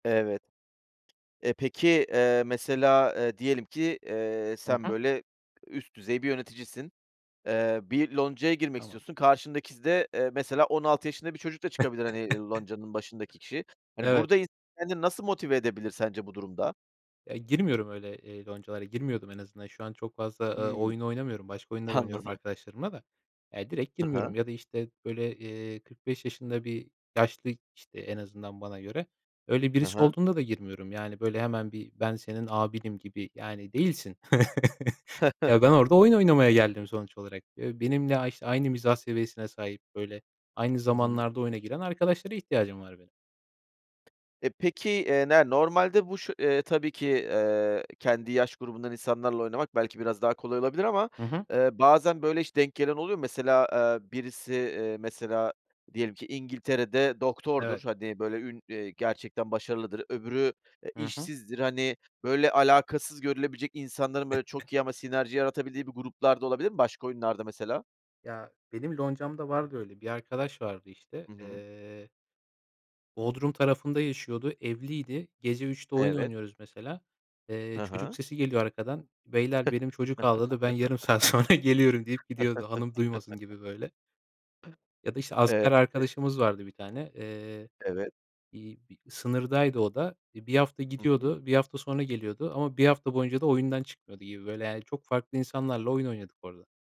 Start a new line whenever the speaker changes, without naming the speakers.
Evet. Eee, peki, eee, mesela, eee, diyelim ki, eee,
Hı
sen
hı.
böyle üst düzey bir yöneticisin. Eee, bir loncaya girmek
Tamam.
istiyorsun karşındaki de, eee, mesela 16 yaşında bir çocuk da çıkabilir, hani, ııı, loncanın başındaki kişi. Hani,
Evet.
burada [unintelligible] kendini nasıl motive edebilir sence bu durumda?
E, girmiyorum öyle, eee, loncalara, girmiyordum en azından. Şu an çok fazla, eee,
Hıı.
oyun oynamıyorum. Başka oyunlar oynuyorum
Anladım.
arkadaşlarımla da. Eee, direkt
Hı hı.
girmiyorum ya da, işte, böyle, eee, 45 yaşında bir yaşlı, işte, en azından bana göre, öyle
Hı
birisi
hı.
olduğunda da girmiyorum, yani, böyle, hemen bir ben senin abinim gibi, yani, değilsin. Ya, ben orada oyun oynamaya geldim sonuç olarak. Eee, benimle ayş aynı mizah seviyesine sahip, böyle, aynı
Hı hı.
zamanlarda oyuna giren arkadaşlara ihtiyacım var benim.
E, peki, eee, ne normalde bu şu eee tabii ki, eee, kendi yaş grubundan insanlarla oynamak belki biraz daha kolay olabilir ama,
Hı hı.
eee, bazen, böyle, hiç denk gelen oluyor mu? Mesela, eee, birisi, eee, mesela, diyelim ki İngiltere'de doktordur.
Evet.
Hani, böyle ün eee, gerçekten başarılıdır. Öbürü, e,
Hı hı.
işsizdir. Hani, böyle, alakasız görülebilecek insanların, böyle, çok iyi ama sinerji yaratabildiği bir gruplar da olabilir mi başka oyunlarda mesela?
Ya, benim loncam da vardı öyle, bir arkadaş vardı işte.
Hı hı.
Eee Bodrum tarafında yaşıyordu, evliydi. Gece 03.00'te oyun
Evet.
oynuyoruz mesela. Eee,
Hı
çocuk
hı.
sesi geliyor arkadan. Beyler benim çocuk ağladı, ben yarım saat sonra geliyorum deyip gidiyordu. Hanım duymasın gibi, böyle. Ya da, işte,
Eee
asker arkadaşımız vardı 1 tane. Eee,
Evet.
bir bir sınırdaydı o da. Eee, 1 hafta
Hı hı.
gidiyordu, 1 hafta sonra geliyordu ama 1 hafta boyunca da oyundan çıkmıyordu gibi, böyle. Yani, çok farklı insanlarla oyun oynadık orada.